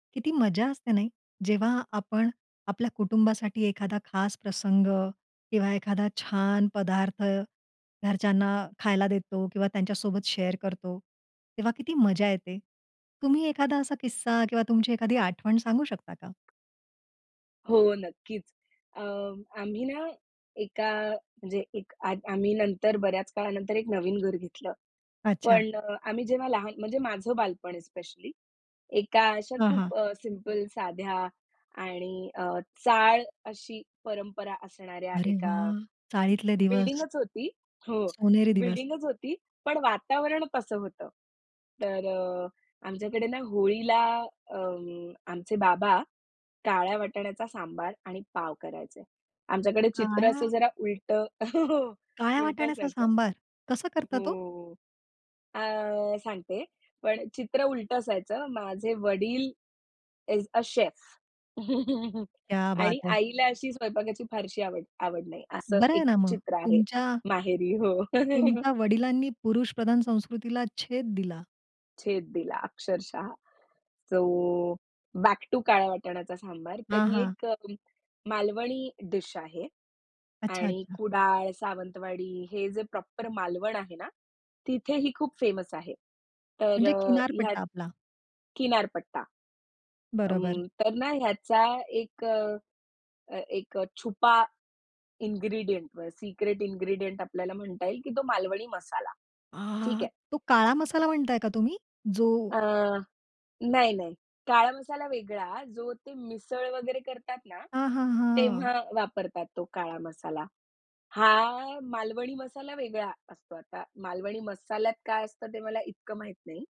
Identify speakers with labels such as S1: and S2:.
S1: किती मजा असते नाही, जेव्हा आपण आपल्या कुटुंबासाठी एखादा खास प्रसंग किंवा एखादा छान पदार्थ घरच्यांना खायला देतो किंवा त्यांच्यासोबत शेअर करतो, तेव्हा किती मजा येते. तुम्ही एखादा असा किस्सा किंवा तुमची एखादी आठवण सांगू शकता का?
S2: हो, नक्कीच. अ, आम्ही ना एका आ, म्हणजे एक आद आम्ही नंतर बऱ्याच काळानंतर एक नवीन घर घेतलं.
S1: अच्छा.
S2: पण अ, आम्ही जेव्हा लहान म्हणजे माझं बालपण स्पेशली एका अशा
S1: हां, हां.
S2: खूप अ, सिंपल साध्या आणि अ, चाळ अशी परंपरा असणाऱ्या
S1: अरे
S2: एका
S1: वाह! चाळीतले दिवस.
S2: बिल्डिंगच होती. हो,
S1: सोनेरी दिवस.
S2: बिल्डिंगच होती. पण वातावरण तसं होतं. तर अ, आमच्याकडे ना होळीला अं, आमचे बाबा काळ्या वाटाण्याचा सांबार आणि पाव करायचे. आमच्याकडे चित्र
S1: काळ्या,
S2: असं जरा उलटं हो.
S1: काळ्या
S2: उलटं
S1: वाटाण्याचा
S2: असायचं.
S1: सांबार कसं करतात ओ?
S2: हो. अ, सांगते पण चित्र उलटं असायचं. माझे वडील इज अ शेफ.
S1: क्या बात
S2: आणि
S1: है!
S2: आईला अशी स्वयंपाकाची फारशी आवड, आवड नाही. असं
S1: बरं आहे
S2: एक
S1: ना मग,
S2: चित्र आहे
S1: तुमच्या
S2: माहेरी. हो.
S1: तुमच्या वडिलांनी पुरुष प्रधान संस्कृतीला छेद दिला.
S2: छेद दिला अक्षरशः सो बॅक टू काळ्या वाटाणाचा सांबार. तर
S1: हां,
S2: ही
S1: हां.
S2: एक अ, मालवणी डीश आहे
S1: अच्छा,
S2: आणि
S1: अच्छा.
S2: कुडाळ, सावंतवाडी हे जे प्रॉपर मालवण आहे ना, तिथे ही खूप फेमस आहे. तर
S1: म्हणजे
S2: अ, ह्यात
S1: किनारपट्टा आपला.
S2: किनारपट्टा.
S1: बरोबर.
S2: अं, तर ना ह्याचा एक अ, एक छुपा इन्ग्रीडिएंट अ सिक्रेट इन्ग्रीडिएंट आपल्याला म्हणता येईल की तो मालवणी मसाला. ठीक
S1: आहाहा
S2: आहे.
S1: तो काळा मसाला म्हणताय का तुम्ही? जो
S2: अ, नाही, नाही. काळा मसाला वेगळा जो ते मिसळ वगैरे करतात ना
S1: आ, हां, हां.
S2: तेव्हा वापरतात तो काळा मसाला. हा मालवणी मसाला वेगळा असतो. आता मालवणी मसाल्यात काय असतं ते मला इतकं माहीत नाही.